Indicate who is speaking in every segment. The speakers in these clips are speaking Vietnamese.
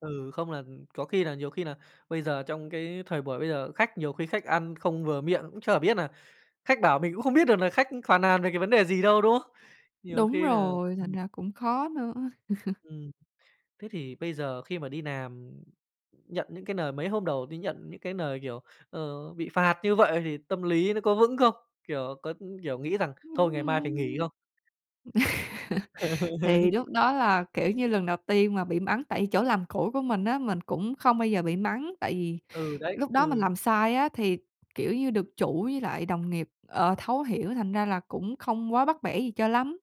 Speaker 1: Ừ, không là có khi là nhiều khi là bây giờ trong cái thời buổi bây giờ khách nhiều khi khách ăn không vừa miệng cũng chả biết nà khách bảo mình cũng không biết được là khách phàn nàn về cái vấn đề gì đâu, đúng không? Nhiều
Speaker 2: Đúng
Speaker 1: khi nà
Speaker 2: rồi, thành
Speaker 1: ừm.
Speaker 2: ra cũng khó nữa!
Speaker 1: Ừm. Thế thì bây giờ khi mà đi làm, nhận những cái lời mấy hôm đầu đi nhận những cái lời, kiểu, ờ, bị phạt như vậy thì tâm lý nó có vững không? Kiểu, có, kiểu, nghĩ rằng "Thôi
Speaker 2: Ưm,
Speaker 1: ngày mai phải nghỉ"
Speaker 2: ưm.
Speaker 1: không?
Speaker 2: Thì lúc đó là, kiểu như, lần đầu tiên mà bị mắng. Tại chỗ làm cũ của mình á, mình cũng không bao giờ bị mắng, tại vì
Speaker 1: Ừ, đấy,
Speaker 2: lúc đó mình
Speaker 1: ừm.
Speaker 2: làm sai á thì, kiểu như, được chủ với lại đồng nghiệp, ờ, thấu hiểu, thành ra là cũng không quá bắt bẻ gì cho lắm.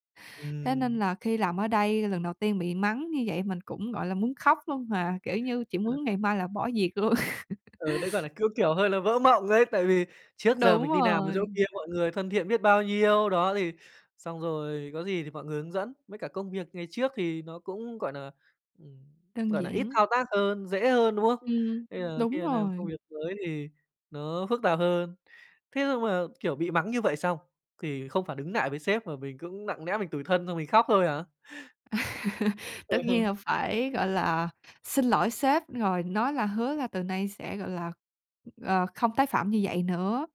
Speaker 2: Thế nên
Speaker 1: Ừm.
Speaker 2: là khi làm ở đây lần đầu tiên bị mắng như vậy mình cũng, gọi là, muốn khóc luôn mà, kiểu như, chỉ
Speaker 1: Ơ.
Speaker 2: muốn ngày mai là bỏ việc luôn.
Speaker 1: Ờ, đấy, gọi là, cũng, kiểu, hơi là vỡ mộng ấy, tại vì trước giờ
Speaker 2: Đúng
Speaker 1: mình đi làm ở chỗ
Speaker 2: rồi.
Speaker 1: kia thì mọi người thân thiện biết bao nhiêu, đó, thì xong rồi có gì thì mọi người hướng dẫn, với cả công việc ngày trước thì nó cũng, gọi nà, ừm,
Speaker 2: Đơn
Speaker 1: gọi nà, ít
Speaker 2: giản.
Speaker 1: thao tác hơn, dễ hơn, đúng không?
Speaker 2: Ừm,
Speaker 1: Bây giờ khi
Speaker 2: đúng
Speaker 1: mà làm công
Speaker 2: rồi.
Speaker 1: việc mới thì nó phức tạp hơn. Thế nhưng mà, kiểu, bị mắng như vậy xong thì không phản ứng nại với sếp mà mình cũng nặng lẽ mình tủi thân xong mình khóc thôi hả?
Speaker 2: Tất nhiên là phải, gọi là, xin lỗi sếp rồi nói là hứa là từ nay sẽ, gọi là, ờ, không tái phạm như vậy nữa,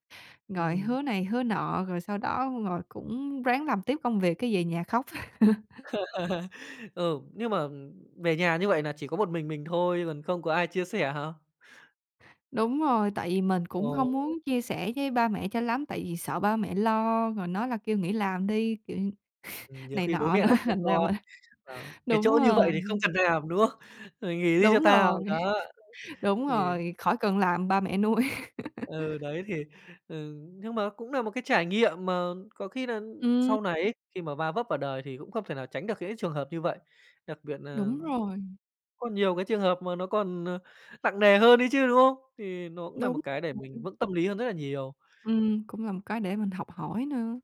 Speaker 2: rồi
Speaker 1: Ừm.
Speaker 2: hứa này hứa nọ, rồi sau đó rồi cũng ráng làm tiếp công việc cái về nhà khóc.
Speaker 1: Ừ, nhưng mà, ừm, về nhà như vậy nà chỉ có một mình mình thôi còn không có ai chia sẻ hả?
Speaker 2: Đúng rồi, tại vì mình cũng hông muốn
Speaker 1: Ồ!
Speaker 2: chia sẻ với ba mẹ cho lắm, tại vì sợ ba mẹ lo rồi nói là kêu nghỉ làm đi, kiểu,
Speaker 1: Ừm, nhiều
Speaker 2: này
Speaker 1: khi bố
Speaker 2: nọ
Speaker 1: mẹ
Speaker 2: nữa
Speaker 1: nại thương
Speaker 2: thành ra
Speaker 1: con,
Speaker 2: mình
Speaker 1: à, "Cái
Speaker 2: đúng
Speaker 1: chỗ như vậy
Speaker 2: rồi.
Speaker 1: thì không cần làm", đúng không? "Mày nghỉ đi cho
Speaker 2: Đúng rồi,
Speaker 1: tao" đó!
Speaker 2: đúng
Speaker 1: Thì
Speaker 2: rồi, khỏi cần làm ba mẹ nuôi.
Speaker 1: ừ, đấy, thì, ừ, nhưng mà cũng nà một cái trải nghiệm mà có khi nà
Speaker 2: Ừm.
Speaker 1: sau này ấy khi mà va vấp vào đời thì cũng không thể nào tránh được những cái trường hợp như vậy, đặc biệt nà
Speaker 2: Đúng rồi.
Speaker 1: có nhiều cái trường hợp mà nó còn, ờ, nặng nề hơn ấy chứ, đúng không? Thì nó cũng nà một
Speaker 2: Đúng
Speaker 1: cái để mình
Speaker 2: r
Speaker 1: vững tâm lý hơn rất là nhiều.
Speaker 2: Ừm, cũng là một cái để mình học hỏi nữa.